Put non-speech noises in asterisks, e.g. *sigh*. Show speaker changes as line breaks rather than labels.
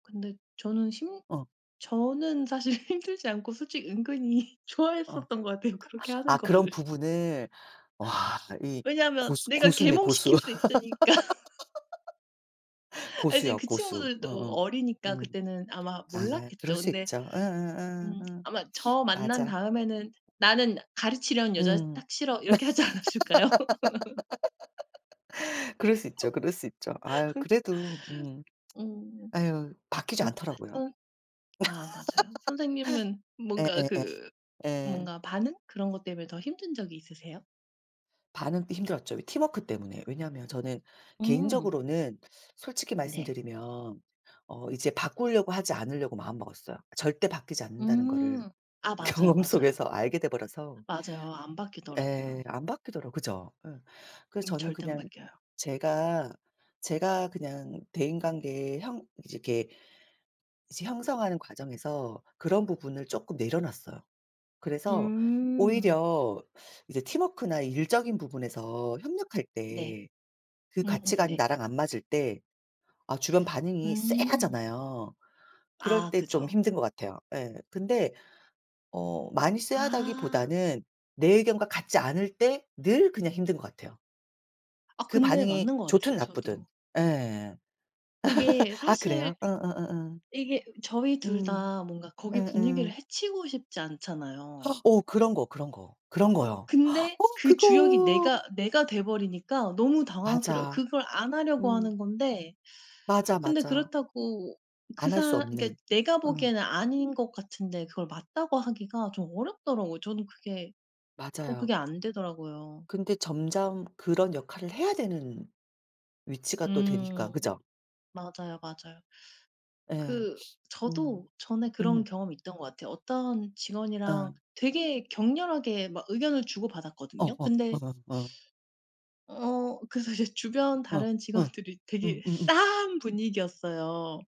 근데 저는 힘
어.
저는 사실 힘들지 않고 솔직히 은근히
어.
좋아했었던 것 같아요, 그렇게 하는
아 그런
거를.
부분을. 와 이
왜냐면
고수
내가
고수네 고수.
계몽시킬 수 있으니까.
*laughs*
아 이제
고수요
그
고수.
친구들도
음음.
어리니까
음.
그때는 아마
아 그럴
몰랐겠죠.
수
근데
있죠.
음
음음음음음
아마 저 만난
맞아.
다음에는 "나는 가르치려는 여자
음.
딱 싫어." 이렇게 하지 않았을까요? *laughs*
*laughs* 그럴 수 있죠, 그럴 수 있죠. 아
*laughs*
그래도 음.
음.
아유 바뀌지 않더라고요.
*unintelligible* 아 맞아요. 선생님은
*laughs*
뭔가
예예예
그
예.
뭔가 반응 그런 것 때문에 더 힘든 적이 있으세요?
반응도 힘들었죠 왜 팀워크 때문에. 왜냐하면 저는
음.
개인적으로는 솔직히
네.
말씀드리면 어 이제 바꾸려고 하지 않으려고 마음먹었어요. 절대 바뀌지 않는다는 거를
음. 아 맞아요,
경험
맞아요.
속에서 알게 돼 버려서
맞아요. 안
예
바뀌더라고요.
안 바뀌더라고 그죠. 예. 그래서
음
저는
절대 안
그냥
바뀌어요.
제가, 제가 그냥 대인관계에 형 이렇게 이제 형성하는 과정에서 그런 부분을 쪼끔 내려 놨어요. 그래서
음.
오히려 이제 팀워크나 일적인 부분에서 협력할
네.
때 그
음음
가치관이
네.
나랑 안 맞을 때 아 주변 반응이
음.
쎄하잖아요. 그럴
아
때 좀
그죠.
힘든 것 같아요 예. 근데 어 많이
아.
쎄하다기보다는 내 의견과 같지 않을 때 늘 그냥 힘든 것 같아요.
아
그
근데
반응이
맞는 것 같아요
좋든 나쁘든.
저도.
예.
그게
*laughs* 아 그래요?
사실
음음음음.
이게 저희 2
음.
다 뭔가 거기 분위기를
음음.
해치고 싶지 않잖아요.
*gasps* 어 그런 거, 그런 거. 그런 거요. *gasps*
근데
어
그 주역이
그거.
내가 내가 돼 버리니까 너무 당황스러
맞아.
그걸 안 하려고
음.
하는 건데
맞아,
근데
맞아.
그렇다고 그
안 할 수
사 그니까
없는.
내가
음.
보기에는 아닌 것 같은데 그걸 맞다고 하기가 좀 어렵더라고요. 저는 그게 어
맞아요.
그게 안 되더라고요.
근데 점점 그런 역할을 해야 되는 위치가 또 되니까
음
그죠?
맞아요, 맞아요.
예.
그
*sniffs*
저도
음.
전에 그런
음.
경험이 있던 것 같아요. 어떤 직원이랑
예.
되게 격렬하게 막 의견을
어
주고받았거든요.
어 어
근데
어. 어
어 그래서 이제 주변
어
다른
어
직원들이 되게
음음음.
싸한 분위기였어요.